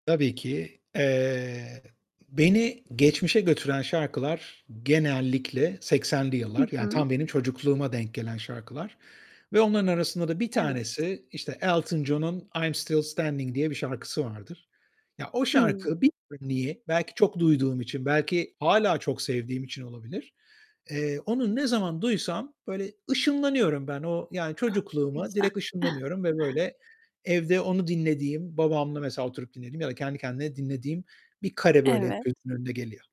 Tabii ki. Eee, beni geçmişe götüren şarkılar genellikle 80'li Hı yıllar, yani hı. tam benim çocukluğuma denk gelen şarkılar ve onların arasında da 1 Evet. tanesi, işte, Elton John'un "I'm Stil Standing" diye bir şarkısı vardır. Ya, o Hıı. şarkı [unintelligible] -belki çok duyduğum için, belki hâlâ çok sevdiğim için olabilir eee, onu ne zaman duysam böyle ışınlanıyorum ben. O, yani, Ah! Ne çocukluğuma güzel. direkt ışınlanıyorum ve, böyle, evde onu dinlediğim, babamla mesela oturup dinlediğim ya da kendi kendine dinlediğim bir kare böyle hep Evet. gözümün önüne geliyor.